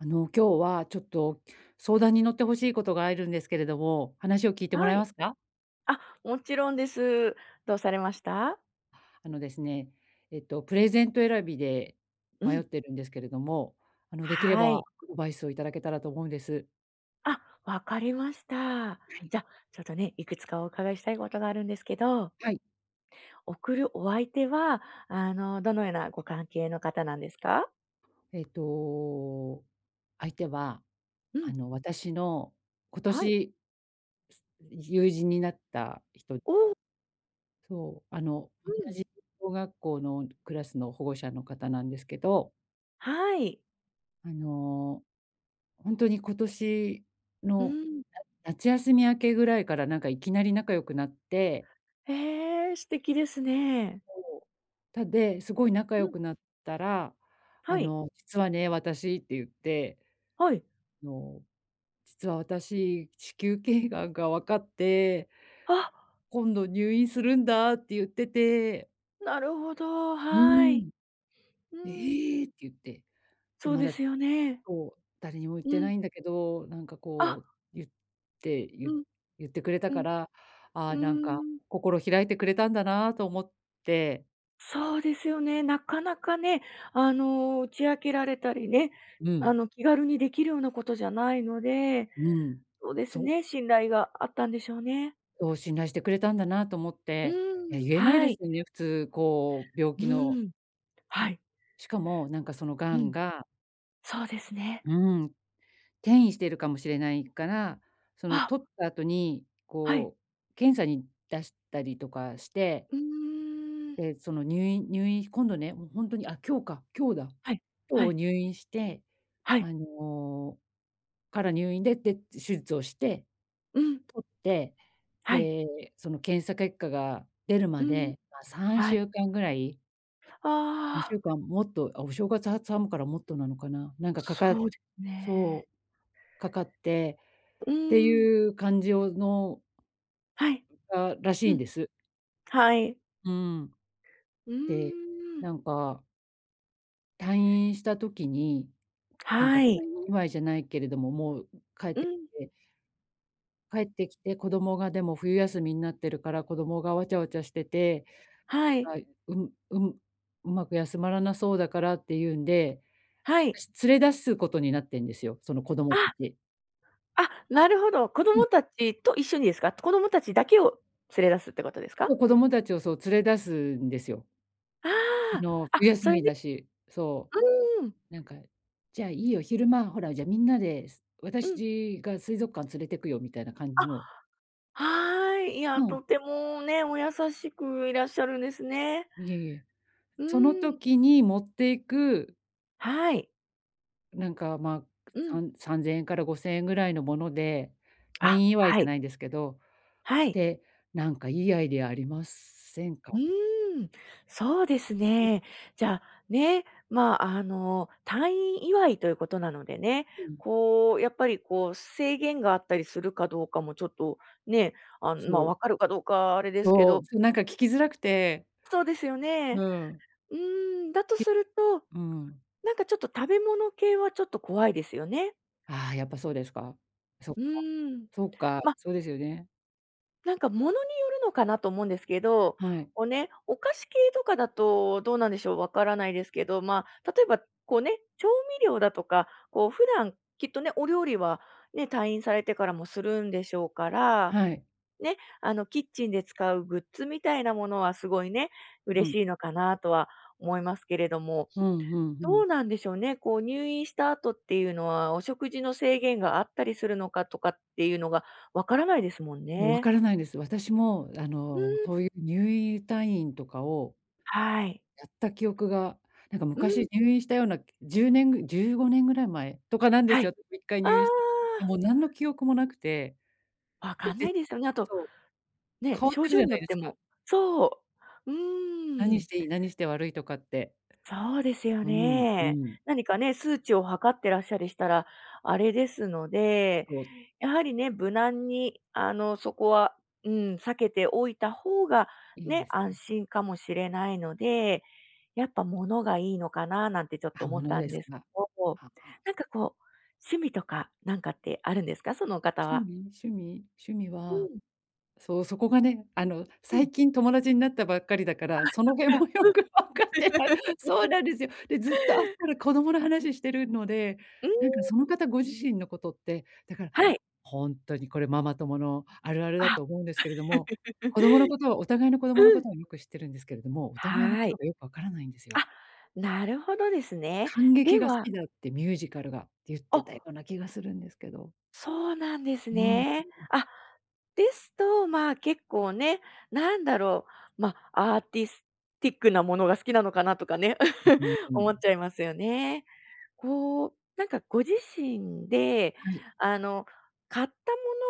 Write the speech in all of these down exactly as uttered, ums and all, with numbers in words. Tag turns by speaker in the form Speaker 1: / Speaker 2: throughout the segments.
Speaker 1: あの、今日は、ちょっと、相談に乗って欲しいことがあるんですけれども、話を聞いても
Speaker 2: は
Speaker 1: らえま
Speaker 2: い。
Speaker 1: すか？
Speaker 2: あ、もちろんです。どうされました？
Speaker 1: あのですね、えっと、プレゼント選びで
Speaker 2: う
Speaker 1: 迷っ
Speaker 2: ん。
Speaker 1: てるんですけれども、あの、できれ
Speaker 2: は
Speaker 1: ば、
Speaker 2: い。
Speaker 1: バイスをいただけたらと思うんです。
Speaker 2: あ、分かりました。
Speaker 1: はい。
Speaker 2: じゃ、ちょっとね、いくつかお伺いしたいことがあるんですけど
Speaker 1: はい。
Speaker 2: 送るお相手は、あの、どのようなご関係の方なんですか？
Speaker 1: えっと、相手は、
Speaker 2: う
Speaker 1: あ
Speaker 2: ん。
Speaker 1: の、私の今
Speaker 2: はい。
Speaker 1: 年、す友人になった人。
Speaker 2: おお。
Speaker 1: そう、あの、
Speaker 2: う
Speaker 1: 同
Speaker 2: ん。
Speaker 1: じ お学校のクラスの、保護者の方なんですけど。
Speaker 2: はい。
Speaker 1: あの、ほんとに、今年
Speaker 2: う
Speaker 1: の
Speaker 2: ん。
Speaker 1: 夏休み明けぐらいから、なんか、いきなり仲良くなって
Speaker 2: へえ、素敵ですね。
Speaker 1: そう。たで、すごい仲良
Speaker 2: うん。
Speaker 1: くなったら、
Speaker 2: は
Speaker 1: あ
Speaker 2: い。
Speaker 1: の「実はね、私」って言って
Speaker 2: はい。
Speaker 1: 「あの、実は、私、子宮頸癌が分かって」
Speaker 2: あ。
Speaker 1: 「今度入院するんだ」って言ってて
Speaker 2: なるほど、
Speaker 1: う
Speaker 2: は
Speaker 1: ー
Speaker 2: い。
Speaker 1: ん
Speaker 2: う
Speaker 1: 「え
Speaker 2: ーん。
Speaker 1: え！」って言って。で、
Speaker 2: そう
Speaker 1: ま
Speaker 2: で
Speaker 1: だ、
Speaker 2: すよね。
Speaker 1: こう、誰にも言っ
Speaker 2: う
Speaker 1: てな
Speaker 2: ん。
Speaker 1: いんだけど、なんか、
Speaker 2: あ。
Speaker 1: こう、言って
Speaker 2: う
Speaker 1: 言
Speaker 2: ん、
Speaker 1: 言ってくれた
Speaker 2: う
Speaker 1: か
Speaker 2: ん、
Speaker 1: ら、あ
Speaker 2: う
Speaker 1: あ、なんか、
Speaker 2: ーん。
Speaker 1: 心を開いてくれたんだなと思って。
Speaker 2: そうですよね。なかなかね、あの、打ち明けられたりね、
Speaker 1: う
Speaker 2: あ
Speaker 1: ん。
Speaker 2: の、気軽にできるようなことじゃないので、
Speaker 1: うん。
Speaker 2: そうです
Speaker 1: そう。
Speaker 2: ね、信頼があったんでしょうね。
Speaker 1: そう、信頼してくれたんだなと思っ
Speaker 2: う
Speaker 1: て。い
Speaker 2: ーん、
Speaker 1: や、言えない
Speaker 2: は
Speaker 1: で
Speaker 2: い。
Speaker 1: すよね、普通、こう、病
Speaker 2: う
Speaker 1: 気の。
Speaker 2: ーん。はい。
Speaker 1: しかも、なんかその
Speaker 2: う
Speaker 1: 癌
Speaker 2: ん。
Speaker 1: が
Speaker 2: そうですね。
Speaker 1: うーん。転移しているかもしれないから、その、
Speaker 2: あ。
Speaker 1: 取った後に、
Speaker 2: はい。
Speaker 1: こう、検査に出したりとかして
Speaker 2: うーん。
Speaker 1: で、その、入院入院、今度ね、もう、ほんとに、あ、今日か、今日だ。
Speaker 2: はい、は
Speaker 1: 今日、
Speaker 2: い。
Speaker 1: 入院して、
Speaker 2: はい。
Speaker 1: あの、から、入院でで、手術をして、取
Speaker 2: うん。
Speaker 1: って、
Speaker 2: はい。
Speaker 1: で、その検査結果が出る
Speaker 2: う
Speaker 1: ま
Speaker 2: ん、
Speaker 1: で、まあ、さん
Speaker 2: は
Speaker 1: し
Speaker 2: い。
Speaker 1: ゅうかんぐらい。にし
Speaker 2: あ
Speaker 1: ゅ
Speaker 2: あ。
Speaker 1: うかんもっと、あ、お正月挟むから、もっとなのかな、なんか、かか
Speaker 2: そうですね。
Speaker 1: そう、かかって、
Speaker 2: う
Speaker 1: って
Speaker 2: ーん。
Speaker 1: いう感じをの
Speaker 2: はい。
Speaker 1: あらし
Speaker 2: う
Speaker 1: いん
Speaker 2: ん。
Speaker 1: です。
Speaker 2: はい。
Speaker 1: うーん。
Speaker 2: うー
Speaker 1: で、
Speaker 2: ん。
Speaker 1: なんか退院した時に、なん
Speaker 2: は
Speaker 1: か、
Speaker 2: い。
Speaker 1: 祝いじゃないけれども、もう、帰っ
Speaker 2: う
Speaker 1: てき
Speaker 2: ん。
Speaker 1: て帰ってきて、子供が、でも、冬休みになってるから、子供がわちゃわちゃしてて、
Speaker 2: はい。
Speaker 1: はい。うん、うん、うまく休まらなそうだから、っていうんで、
Speaker 2: は
Speaker 1: あた
Speaker 2: い。
Speaker 1: し、連れ出すことになってんですよ、その子供
Speaker 2: あ。
Speaker 1: 達。
Speaker 2: あ、なるほど、子
Speaker 1: う
Speaker 2: 供
Speaker 1: ん。
Speaker 2: 達と一緒にですか、子供達だけを連れ出すってことですか？
Speaker 1: 子供達を、そう、連れ出すんですよ。
Speaker 2: あ
Speaker 1: あの、
Speaker 2: あ、あ、
Speaker 1: 冬休
Speaker 2: それ
Speaker 1: みん
Speaker 2: で
Speaker 1: だし、そ
Speaker 2: うーん。
Speaker 1: う。なんか、じゃあ、いいよ、昼間、ほら、じゃあみんなで、す
Speaker 2: うん。
Speaker 1: 私が水族館連れてくよみたいな感
Speaker 2: あ、
Speaker 1: じの。
Speaker 2: はい。い
Speaker 1: う
Speaker 2: や、
Speaker 1: ん。
Speaker 2: とてもね、お優しくいらっしゃるんですね。
Speaker 1: いえいえ。
Speaker 2: う
Speaker 1: その
Speaker 2: ーん。
Speaker 1: 時に、持っていく
Speaker 2: はい。
Speaker 1: なんかまあ、
Speaker 2: うん。
Speaker 1: さんさんぜんえんからごせんえんぐらいのもので、退
Speaker 2: あ、
Speaker 1: 院祝い
Speaker 2: は
Speaker 1: じゃ
Speaker 2: い。
Speaker 1: ないんですけど、
Speaker 2: はい。
Speaker 1: て、なんかいいアイデアありますせん
Speaker 2: う
Speaker 1: か？
Speaker 2: ーん、そうですね。じゃあ、ね、まあ、あの、退院祝いということなのでね、
Speaker 1: うん。
Speaker 2: こう、やっぱりこう、制限があったりするかどうかも、ちょっと、ね、あ、まあ、
Speaker 1: そう。
Speaker 2: 分かるかどうかあれですけ
Speaker 1: そ
Speaker 2: ど
Speaker 1: う、そ、なんか聞きづらくて。
Speaker 2: そうですよ
Speaker 1: う
Speaker 2: ね、
Speaker 1: ん。
Speaker 2: うーん。だ
Speaker 1: き
Speaker 2: と
Speaker 1: け
Speaker 2: すると、
Speaker 1: うん。
Speaker 2: なんかちょっと食べ物系はちょっと怖いですよね。
Speaker 1: ああ、やっぱそうですか。そっ
Speaker 2: う
Speaker 1: か
Speaker 2: ーん。
Speaker 1: そっか、
Speaker 2: ま
Speaker 1: そうですよね。
Speaker 2: なんか物によるのかなと思うんですけど、
Speaker 1: はい。
Speaker 2: こうね、お菓子系とかだと、どうなんでしょう、わからないですけど、まあ、例えば、こうね、調味料だとか、こう普段きっとね、お料理はね、退院されてからもするんでしょうから、
Speaker 1: はい。
Speaker 2: ね、あの、キッチンで使うグッズみたいなものはすごいね、
Speaker 1: う
Speaker 2: 嬉
Speaker 1: ん。
Speaker 2: しいのかなとは思いますけれども、
Speaker 1: うんうんう
Speaker 2: ど
Speaker 1: ん。
Speaker 2: うなんでしょうね、こう、入院した後っていうのは、お食事の制限があったりするのかとかっていうのが、わからないですもん
Speaker 1: 分
Speaker 2: ね。
Speaker 1: からないんです。私もあ
Speaker 2: うー
Speaker 1: の、
Speaker 2: ん。
Speaker 1: そういう入院退院とかを
Speaker 2: はい。
Speaker 1: やった記憶が、なんか
Speaker 2: う
Speaker 1: 昔
Speaker 2: ん。
Speaker 1: 入院したような、きじゅうねんぐじゅうごねんぐらい前とかなんで
Speaker 2: は
Speaker 1: す
Speaker 2: い。
Speaker 1: よ、いっかい
Speaker 2: あ
Speaker 1: 入院したのが。で、
Speaker 2: あ。
Speaker 1: もう何の記憶も無くて。
Speaker 2: 分
Speaker 1: で
Speaker 2: かんな
Speaker 1: じ
Speaker 2: いですよね。あと
Speaker 1: そう。
Speaker 2: ね、
Speaker 1: 変わっ
Speaker 2: 症
Speaker 1: てる
Speaker 2: 状
Speaker 1: じゃ
Speaker 2: によ
Speaker 1: ない
Speaker 2: っ
Speaker 1: で
Speaker 2: て
Speaker 1: すか。
Speaker 2: もそう、うー
Speaker 1: 何
Speaker 2: ん。
Speaker 1: していい、何して悪いとかって。
Speaker 2: そうですよ
Speaker 1: うんう
Speaker 2: ね。
Speaker 1: ん。
Speaker 2: 何かね、数値を測ってらっゃりしたら、あれですので、
Speaker 1: こう。
Speaker 2: やはりね、無難にあの、そこは、うん、避けておいた方が
Speaker 1: いい
Speaker 2: ね、
Speaker 1: です
Speaker 2: 安
Speaker 1: ね。
Speaker 2: 心かもしれないので、やっぱ物がいいのかななんてちょっと
Speaker 1: あ、
Speaker 2: 思
Speaker 1: も
Speaker 2: っ
Speaker 1: の
Speaker 2: た
Speaker 1: で
Speaker 2: ん
Speaker 1: す
Speaker 2: ですけ
Speaker 1: か？
Speaker 2: ど、
Speaker 1: はあ。
Speaker 2: なんかこう趣味とかなんかってあるんですか、そのお方
Speaker 1: 趣
Speaker 2: は。
Speaker 1: 味趣味趣味
Speaker 2: う
Speaker 1: は、
Speaker 2: ん。
Speaker 1: そう、そこがね、あの、
Speaker 2: うん。
Speaker 1: 最近友達になったばっかりだか
Speaker 2: あ、
Speaker 1: ら、その辺
Speaker 2: そっか。
Speaker 1: もよく分かってない。そ
Speaker 2: う
Speaker 1: う
Speaker 2: ん。
Speaker 1: なんですよ。で、ずっと会ったら子供の話しているので、
Speaker 2: うー
Speaker 1: なんかその
Speaker 2: ん。
Speaker 1: 方ご自身のことって、だから、
Speaker 2: はい。
Speaker 1: ほんとにこれママ友のあるあるだ
Speaker 2: あ。
Speaker 1: と思うんですけれども、子供の ことはお互いの子供の
Speaker 2: う
Speaker 1: こ
Speaker 2: ん。
Speaker 1: とをよく知っているんですけれども、お互いの
Speaker 2: は
Speaker 1: こと
Speaker 2: い。
Speaker 1: がよく分からないんですよ。
Speaker 2: あ、なるほどですね。
Speaker 1: 観
Speaker 2: で
Speaker 1: 劇が好
Speaker 2: は
Speaker 1: きだって、ミュージカルが。って言ってた
Speaker 2: あ。
Speaker 1: ような気がするんですけど。
Speaker 2: そうなんです
Speaker 1: うん。
Speaker 2: ね。あ、ですと、まあ、結構ね、なんだろう、ま、アーティスティックなものが好きなのかなとかね、思っ ちゃいますよね。こう、なんかご自身で
Speaker 1: はい。
Speaker 2: あの、買った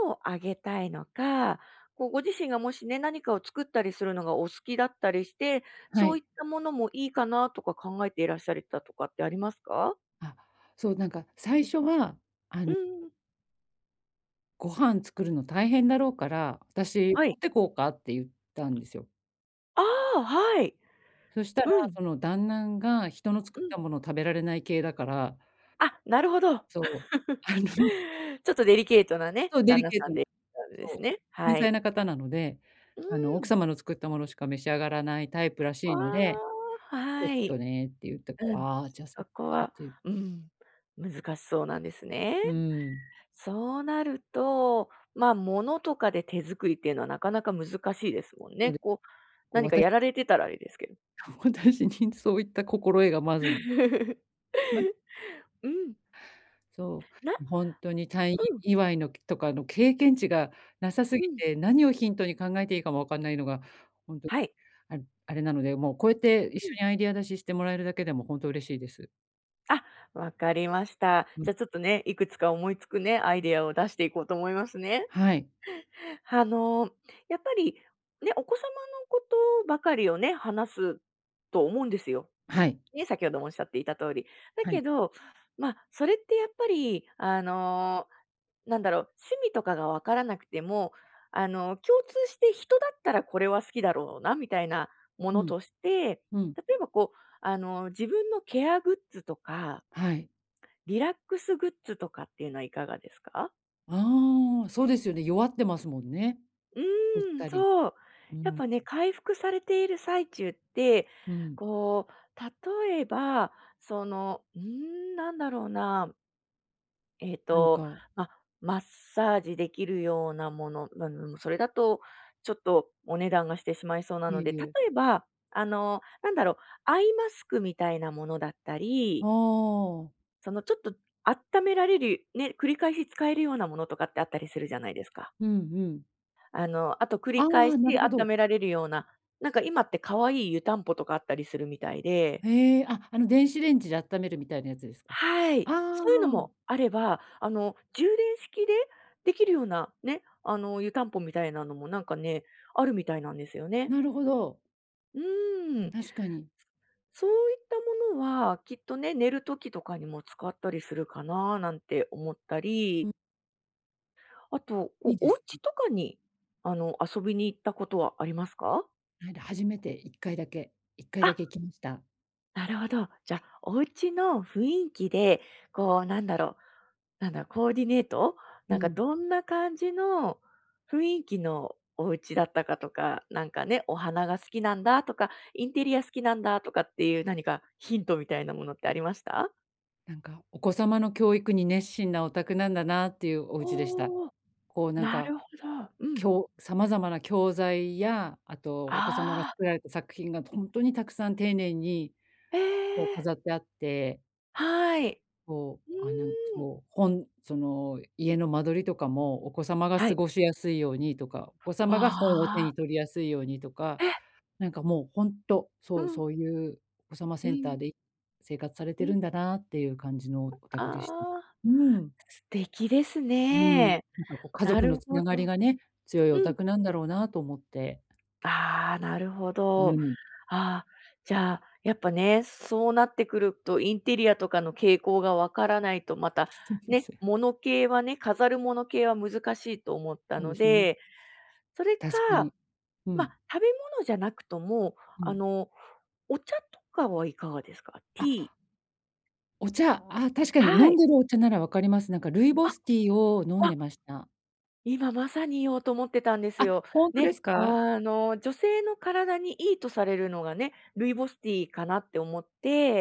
Speaker 2: ものをあげたいのか、こう、ご自身がもしね、何かを作ったりするのがお好きだったりして、
Speaker 1: は
Speaker 2: そう
Speaker 1: い。
Speaker 2: いったものもいいかなとか考えていらっしゃっりたとかってありますか？
Speaker 1: あ、そう、なんか、最初はあ
Speaker 2: う
Speaker 1: の
Speaker 2: ん。
Speaker 1: ご飯作るの大変だろうから、「私
Speaker 2: はい。
Speaker 1: 持ってこうか」って言ったんですよ。
Speaker 2: ああ、はい。
Speaker 1: そしたら、
Speaker 2: うん。
Speaker 1: その、旦那、んが人の
Speaker 2: う
Speaker 1: 作った
Speaker 2: ん。
Speaker 1: ものを食べられない系だから。
Speaker 2: あ、なるほど。
Speaker 1: そう。あの
Speaker 2: ちょっとデリケートなね、
Speaker 1: そう、デ
Speaker 2: 旦
Speaker 1: リ
Speaker 2: 那
Speaker 1: ケー
Speaker 2: さ
Speaker 1: ト
Speaker 2: ん
Speaker 1: な。
Speaker 2: で [unintelligible] です
Speaker 1: そ
Speaker 2: ね、
Speaker 1: う、繊
Speaker 2: は
Speaker 1: 細
Speaker 2: い。
Speaker 1: な方なので、あの、
Speaker 2: う
Speaker 1: 奥
Speaker 2: ん。
Speaker 1: 様の作ったものしか召し上がらないタイプら
Speaker 2: あ
Speaker 1: しいので、
Speaker 2: ら、
Speaker 1: 「ちょっ
Speaker 2: はい。
Speaker 1: とね」って言ったか
Speaker 2: う
Speaker 1: ら、
Speaker 2: ん、
Speaker 1: ああ、じゃあ、そ
Speaker 2: そ
Speaker 1: っ
Speaker 2: こ
Speaker 1: かっ
Speaker 2: は、
Speaker 1: ていう。
Speaker 2: うん、難しそうなんですね。
Speaker 1: うん。
Speaker 2: そうなると、まあ、物とかで手作りっていうのはなかなか難しいですもん
Speaker 1: そう、
Speaker 2: ね。
Speaker 1: で、
Speaker 2: こう、
Speaker 1: こう、
Speaker 2: 何か
Speaker 1: 私
Speaker 2: やられてたらあれですけど。
Speaker 1: 私にそういった心得がまず ま
Speaker 2: うん。
Speaker 1: そ
Speaker 2: な
Speaker 1: う、本当に退院
Speaker 2: うん。
Speaker 1: 祝いの、けとかの経験値がなさす
Speaker 2: う
Speaker 1: ぎ
Speaker 2: ん。
Speaker 1: て、何をヒントに考えていいかも分かんないのが、ほんと、
Speaker 2: はい。
Speaker 1: ああれなので、もう、こうやって一
Speaker 2: う
Speaker 1: 緒
Speaker 2: ん。
Speaker 1: にアイディア出ししてもらえるだけでも本当嬉しいです。
Speaker 2: あ、分かりました。
Speaker 1: うん。
Speaker 2: じゃ、ちょっとね、いくつか思いつくね、アイデアを出していこうと思いますね。
Speaker 1: はい。
Speaker 2: あの、やっぱり、ね、お子様のことばかりをね、話すと思うんですよ。
Speaker 1: はい。
Speaker 2: ね、先ほどもおっしゃっていた通り、だ
Speaker 1: は
Speaker 2: け
Speaker 1: い。
Speaker 2: ど、ま、それってやっぱりあの、なんだろう、趣味とかがわからなくても、あの、共通して人だったらこれは好きだろうなみたいなも
Speaker 1: う
Speaker 2: の
Speaker 1: ん。
Speaker 2: として、
Speaker 1: うん。
Speaker 2: 例えば、こう、あの、自分のケアグッズとか
Speaker 1: はい。
Speaker 2: リラックスグッズとかっていうのはいかがですか？
Speaker 1: ああ、そうですよね、弱ってますもんね。
Speaker 2: う
Speaker 1: うっ
Speaker 2: ん、
Speaker 1: たり。
Speaker 2: そう。
Speaker 1: うん、
Speaker 2: やっ
Speaker 1: うん。
Speaker 2: ぱね、回復されている最中って、
Speaker 1: うん。
Speaker 2: こう、例えば、その、うーん、何だろうなえっ
Speaker 1: なん
Speaker 2: と、
Speaker 1: か
Speaker 2: ま、マッサージできるようなもの。なうーん、それだとちょっとお値段がしてしまいそうな
Speaker 1: い
Speaker 2: の
Speaker 1: え
Speaker 2: で。
Speaker 1: い
Speaker 2: 例
Speaker 1: え。
Speaker 2: えば、あの、なんだろう、アイマスクみたいなものだった
Speaker 1: あ
Speaker 2: り
Speaker 1: あ。
Speaker 2: その、ちょっと、あっためられる、ね、繰り返し使えるようなものとかってあったりするじゃないですか？
Speaker 1: うんうん。
Speaker 2: あの、あと繰
Speaker 1: あ
Speaker 2: り返し
Speaker 1: あ、なる
Speaker 2: あ
Speaker 1: ほ
Speaker 2: った
Speaker 1: ど。
Speaker 2: められるような、なんか今って可愛い湯たんぽとかあったりするみたいで
Speaker 1: へえ、あ、あの電子レンジであっためるみたいなやつですか？
Speaker 2: は
Speaker 1: あ
Speaker 2: い。
Speaker 1: あ、
Speaker 2: そういうの
Speaker 1: あ。
Speaker 2: もあれば、あの、充電式でできるようなね、あの、湯たんぽみたいなのもなんかね、あるみたいなんですよね。
Speaker 1: なるほど。
Speaker 2: うーん。
Speaker 1: 確かに。
Speaker 2: すそういったものは、きっとね、寝る時とかにも使ったりするかな、なんて思った
Speaker 1: うん。
Speaker 2: り。あと、お
Speaker 1: いいで
Speaker 2: お
Speaker 1: す
Speaker 2: 家
Speaker 1: ね。
Speaker 2: とかに、あの、遊びに行ったことはありますか？
Speaker 1: ないだ初めていっかいだけ、いっかいだけ
Speaker 2: あ
Speaker 1: 行きました。
Speaker 2: なるほど。じ
Speaker 1: は
Speaker 2: ゃ、
Speaker 1: い。
Speaker 2: お家の雰囲気で、こう、なんだろう、なんだろう、コーディネート、な
Speaker 1: う
Speaker 2: んか、
Speaker 1: ん。
Speaker 2: どんな感じの雰囲気のお家だったかとか、なんかね、お花が好きなんだとか、インテリア好きなんだとかっていう、何かヒントみたいなものってありました？
Speaker 1: なんか、お子様の教育に熱心なお宅なんだなっていうお家でした。
Speaker 2: おお、
Speaker 1: こう、なん
Speaker 2: な
Speaker 1: か。
Speaker 2: るほど。う
Speaker 1: き
Speaker 2: ん。
Speaker 1: ょ様々な教材や、あとお子様が
Speaker 2: ああ。
Speaker 1: 作られた作品が本当にたくさん丁寧に、
Speaker 2: え
Speaker 1: こう、
Speaker 2: え。
Speaker 1: 飾ってあって
Speaker 2: はい。
Speaker 1: こう、
Speaker 2: う
Speaker 1: あ、なんか
Speaker 2: ーん。
Speaker 1: こう、本、その、家の間取りとかも、お子様が
Speaker 2: は
Speaker 1: 過
Speaker 2: い。
Speaker 1: ごしやすいようにとか、お子
Speaker 2: わ
Speaker 1: 様が本を手
Speaker 2: あ。
Speaker 1: に取りやすいようにとか、
Speaker 2: え？
Speaker 1: なんかもう本当、
Speaker 2: う
Speaker 1: そう
Speaker 2: ん。
Speaker 1: そういうお子様
Speaker 2: う
Speaker 1: センター
Speaker 2: ん。
Speaker 1: で生活され
Speaker 2: う
Speaker 1: てる
Speaker 2: ん。
Speaker 1: んだなっていう感じのお宅でした。
Speaker 2: ああ、
Speaker 1: うーん。
Speaker 2: 素敵です
Speaker 1: うん、
Speaker 2: ね。
Speaker 1: なんかこう、家
Speaker 2: な
Speaker 1: 族
Speaker 2: る
Speaker 1: の
Speaker 2: ほ
Speaker 1: 繋がり
Speaker 2: ど
Speaker 1: がね、強いお
Speaker 2: うん。
Speaker 1: 宅なんだろうなと思って。
Speaker 2: ああ、なるほど。
Speaker 1: うん。
Speaker 2: ああ、じゃあ、やっぱね、そうなってくると、インテリアとかの傾向が分からないと、また、ね、
Speaker 1: せ
Speaker 2: 物系はね、飾る物系は難しいと思った
Speaker 1: そう
Speaker 2: の
Speaker 1: ですね。
Speaker 2: で、それ
Speaker 1: 確か
Speaker 2: か、
Speaker 1: に、う
Speaker 2: まあ、
Speaker 1: ん。
Speaker 2: 食べ物じゃなくとも、
Speaker 1: う
Speaker 2: あ
Speaker 1: ん。
Speaker 2: の、お茶とかはいかがですか？ティ
Speaker 1: あ
Speaker 2: ー。
Speaker 1: お茶、ああ、確かに
Speaker 2: は
Speaker 1: 飲
Speaker 2: い。
Speaker 1: んでるお茶なら分かります。なんかルイボ
Speaker 2: あ、
Speaker 1: スティーを飲ん
Speaker 2: あ。
Speaker 1: でました。
Speaker 2: 今まさに言おうと思ってたんです
Speaker 1: あ、
Speaker 2: よ。
Speaker 1: 本当
Speaker 2: ね、
Speaker 1: ですか？
Speaker 2: あの、女性の体にいいとされるのがね、ルイボスティーかなって思っ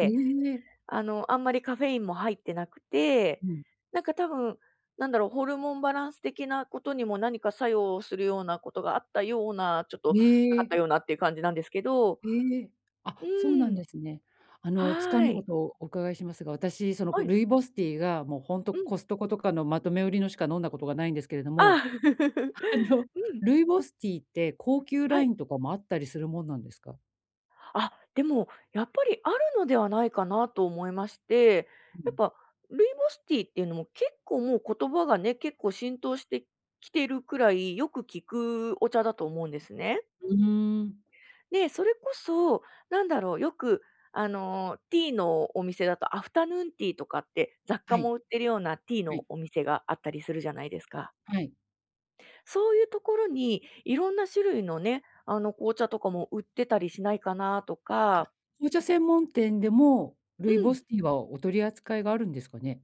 Speaker 1: ええ。
Speaker 2: あの、あんまりカフェインも入ってなくて、
Speaker 1: うん。
Speaker 2: なんか多分、なんだろう、ホルモンバランス的なことにも、何か作用するようなことがあったような、ちょっと
Speaker 1: へ
Speaker 2: なかっ
Speaker 1: え
Speaker 2: たようなっていう感じなんですけど、う
Speaker 1: へえ、あ、そうな
Speaker 2: ー
Speaker 1: ん
Speaker 2: ん。
Speaker 1: ですね。あの、つか
Speaker 2: は
Speaker 1: ぬ
Speaker 2: い。
Speaker 1: ことをお伺いしますが、私、その
Speaker 2: は
Speaker 1: こ
Speaker 2: い。
Speaker 1: ルイボスティーが、もう本当
Speaker 2: うん。
Speaker 1: コストコとかのまとめ売りのしか飲んだことがないんですけれど
Speaker 2: ああ。
Speaker 1: も、あの、
Speaker 2: うん。
Speaker 1: ルイボスティーって高級
Speaker 2: は
Speaker 1: ラ
Speaker 2: い。
Speaker 1: インとかもあったりするもんなんですか？
Speaker 2: あ、でも、やっぱりあるのではないかなと思いまして、
Speaker 1: う
Speaker 2: やっ
Speaker 1: ん。
Speaker 2: ぱ、ルイボスティーっていうのも結構もう言葉がね、結構浸透してきてるくらいよく聞くお茶だと思うんですね。
Speaker 1: うん。
Speaker 2: で、それこそ、なんだろう、よくあの、ティーのお店だと、アフタヌーンティーとかって、雑貨
Speaker 1: はい。
Speaker 2: も売ってるようなティー
Speaker 1: は
Speaker 2: の
Speaker 1: い。
Speaker 2: お店があったりするじゃないですか。
Speaker 1: はい。
Speaker 2: そういうところに、いろんな種類のね、あの、紅茶とかも売ってたりしないかなと
Speaker 1: あ、
Speaker 2: か。
Speaker 1: 紅茶専門店でも、
Speaker 2: う
Speaker 1: ルイボ
Speaker 2: ん。
Speaker 1: スティーはお取り扱いがあるんですかね？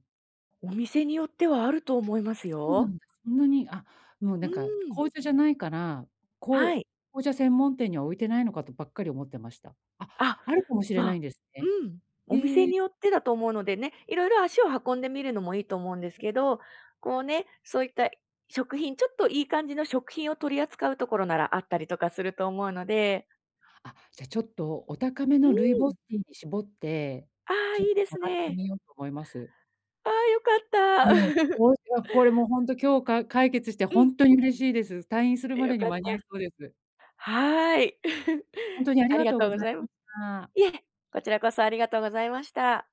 Speaker 2: お店によってはあると思います
Speaker 1: そうな
Speaker 2: よ。
Speaker 1: んだ、そんなに、あ、もうな
Speaker 2: う
Speaker 1: んか、
Speaker 2: ん。
Speaker 1: 紅茶じゃないから、こ
Speaker 2: は
Speaker 1: う
Speaker 2: い。
Speaker 1: 紅茶専門店には置いてないのかとばっかり思ってました。あ、
Speaker 2: あ、
Speaker 1: あるかもしれ
Speaker 2: ま
Speaker 1: な
Speaker 2: あ、
Speaker 1: いんです
Speaker 2: う
Speaker 1: ね。
Speaker 2: ん、お店
Speaker 1: へえ。
Speaker 2: によってだと思うのでね、いろいろ足を運んでみるのもいいと思うんですけど、こうね、そういった食品、ちょっといい感じの食品を取り扱うところならあったりとかすると思うので。
Speaker 1: あ、じゃあちょっとお高め
Speaker 2: う
Speaker 1: のルイボ
Speaker 2: ん。
Speaker 1: スティーに絞って、
Speaker 2: ああ、
Speaker 1: ちょっ
Speaker 2: いいです
Speaker 1: 探して
Speaker 2: ね。
Speaker 1: みようと思います。
Speaker 2: ああ良か
Speaker 1: いや、
Speaker 2: った。
Speaker 1: もういや、これもうほんと今日か解決して
Speaker 2: う
Speaker 1: ほ
Speaker 2: ん。
Speaker 1: んとに嬉しいです。退院するま
Speaker 2: 良
Speaker 1: でに
Speaker 2: かっ
Speaker 1: 間
Speaker 2: た。
Speaker 1: に合いそうです。
Speaker 2: はい。
Speaker 1: ほんとにあり
Speaker 2: あり
Speaker 1: が
Speaker 2: が
Speaker 1: とう
Speaker 2: と
Speaker 1: ご
Speaker 2: うご
Speaker 1: ざい
Speaker 2: ざいま
Speaker 1: ました。
Speaker 2: いえ、こちらこそありがとうございました。